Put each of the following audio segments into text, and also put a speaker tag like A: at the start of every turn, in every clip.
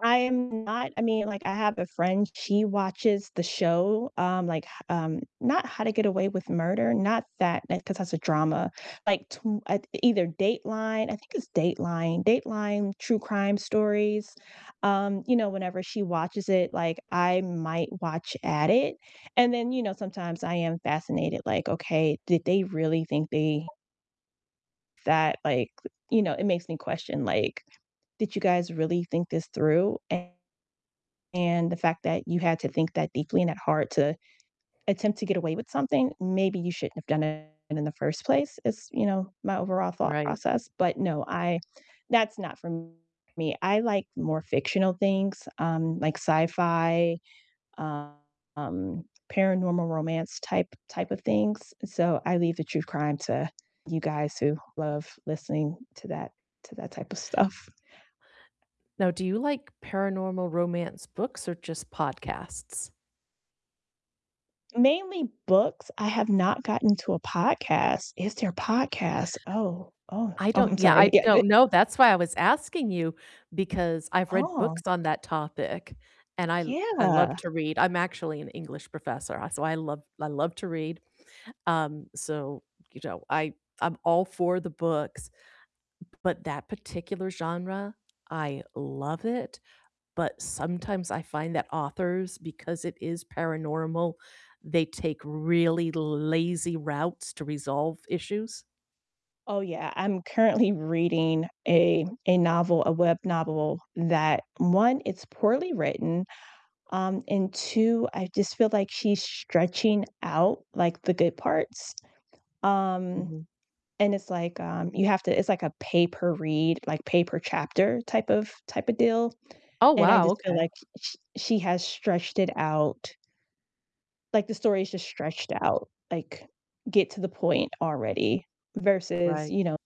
A: I am not I mean, like, I have a friend, she watches the show, um, like, h um, not How to Get Away With Murder, not that, 'cause that's a drama. Like, tw uh, either Dateline I think it's Dateline Dateline true crime stories, um, you know, whenever she watches it, like, I might watch at it, and then, you know, sometimes I am fascinated, like, "Okay, did they really think they" that, like you know, it makes me question like, "Did you guys really think this through? And the fact that you had to think that deeply and that hard to attempt to get away with something, maybe you shouldn't have done it in the first place," is, you know, my overall thought
B: Right.
A: process. But no, I that's not for me, I like more fictional things, um, like sci-fi, um, paranormal romance type type of things, so I leave the true crime to you guys who love listening to that to that typa stuff.
B: Now, do you like paranormal romance books or just podcasts?
A: Mainly books, I have not gotten to a podcast. Is there a podcast? Oh, oh
B: I
A: oh,
B: don't
A: I'm
B: yeah, I
A: sorry. Yeah, th
B: don't know, that's why I was asking you, because I've read
A: Oh.
B: books on that topic and I I love
A: Yeah.
B: to read. I'm actually an English professor, so I love I love to read, um, so, you know, I I'm all for the books, b but that particular genre, I love it, but sometimes I find that authors because it is paranormal, they take really lazy routes to resolve issues.
A: Oh, yeah, I'm currently reading a a novel a web novel that 1, it's poorly written, um, and 2, I just feel like she's stretching out, like, the good parts, um,
B: Mhm.
A: and it's, like, um you have to It's like a pay per read, like, pay per chapter type of typa deal,
B: Oh,
A: and I
B: wow,
A: just feel
B: okay.
A: like sh she has stretched it out like, the story is just stretched out, like, "Get to the point already," versus,
B: Right.
A: you know,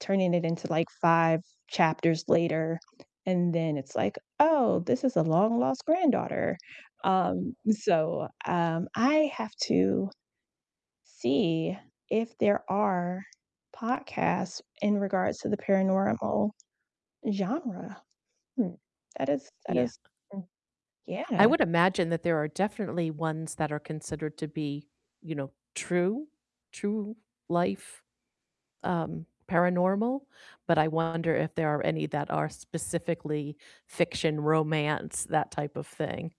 A: turning it into, like, 5 chapters later, and then it's like, "Oh, this is a long lost granddaughter," um, so um, I have to see if there are podcasts in regards to the paranormal genre. Hmm. That is that
B: Yeah.
A: is [unintelligible]
B: I
A: yeah.
B: would imagine that there are definitely ones that are considered to be, you know, true true life, um, paranormal, but I wonder if there are any that are specifically fiction romance, that type of thing.